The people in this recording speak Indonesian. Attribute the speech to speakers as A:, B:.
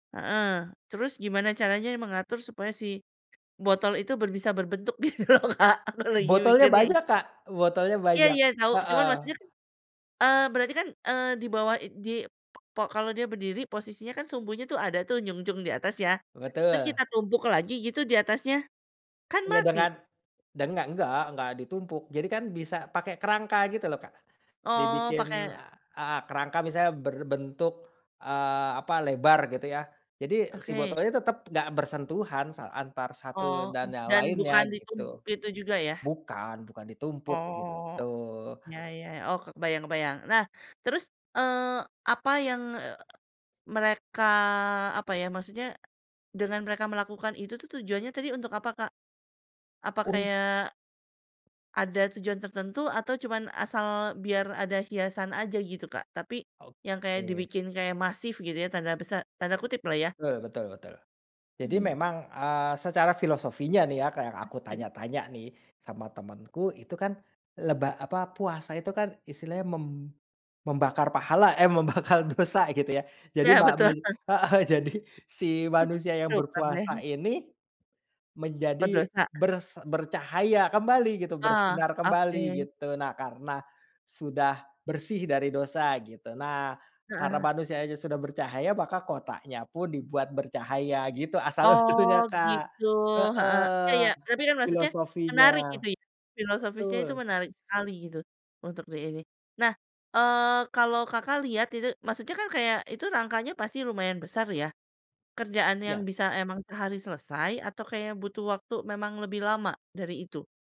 A: Heeh, terus gimana caranya mengatur supaya si botol itu ber bisa berbentuk gitu loh, Kak, aku lagi
B: Botolnya
A: mikirnya itu.
B: banyak, Kak. Botolnya
A: Iya
B: banyak.
A: iya tau, cuma
B: Heeh.
A: maksudnya kan, eee, berarti kan, eee, di bawah i di pe kalau dia berdiri, posisinya kan sumbunya tuh ada tuh, nyungcung di atas ya, terus
B: Betul.
A: kita tumpuk lagi gitu di atasnya? Kan
B: Iya,
A: mati?
B: dengan denga enggak enggak ditumpuk. Jadi kan bisa pakai kerangka gitu loh, Kak.
A: Oh,
B: Dibikin,
A: pake
B: eee heeh, kerangka misalnya berbentuk, eee, apa, lebar gitu ya. Jadi si
A: Oke.
B: botol ini tetep enggak bersentuhan sa antar satu
A: Oh, m
B: dan yang
A: dan
B: lainnya
A: bukan
B: gitu.
A: ditumpuk itu juga ya?
B: Bukan, bukan ditumpuk
A: Oh,
B: gitu.
A: iya iya, oh kebayang kebayang. Nah terus, eee, apa yang, eee, mereka apa ya, maksudnya, dengan mereka melakukan itu tuh, tujuannya tadi untuk apa, Kak? Apa
B: Un
A: kayak ada tujuan tertentu atau cuman asal biar ada hiasan aja gitu, Kak? Tapi yang kayak
B: Oke.
A: dibikin kayak "masif" gitu ya, tanda besar tanda kutip lah ya.
B: Betul betul betul. Jadi
A: Hmm.
B: memang, eee, secara filosofinya nih ya, Kak, yang
A: Mhm
B: aku
A: mhm.
B: tanya-tanya nih, sama temenku, itu kan leba apa, puasa itu kan istilahnya mem membakar pahala, eh membakar dosa gitu ya. Jadi
A: Iya,
B: ma mu
A: betul.
B: heeh, jadi si manusia yang
A: Cukup
B: berpuasa
A: aneh.
B: ini, menjadi
A: Berdosa.
B: bers bercahaya kembali gitu,
A: Ah,
B: bersinar kembali
A: oke.
B: gitu. Nah, karena sudah bersih dari dosa gitu. Nah, karena
A: Heeh.
B: manusianya sudah bercahaya, maka kotanya pun dibuat bercahaya, gitu
A: Oh
B: asal-usulnya, Kak.
A: gitu, heeh, iya
B: Heeh,
A: iya. Tapi kan maksudnya
B: filosofinya.
A: menarik gitu ya, filosofisnya itu
B: Betul.
A: menarik sekali gitu, untuk diini. Nah, eee, kalau Kakak lihat itu, maksudnya kan kayak itu rangkanya pasti lumayan besar ya, kerjaan yang
B: Iya.
A: bisa emang sehari selesai atau kayak butuh waktu memang lebih lama dari itu?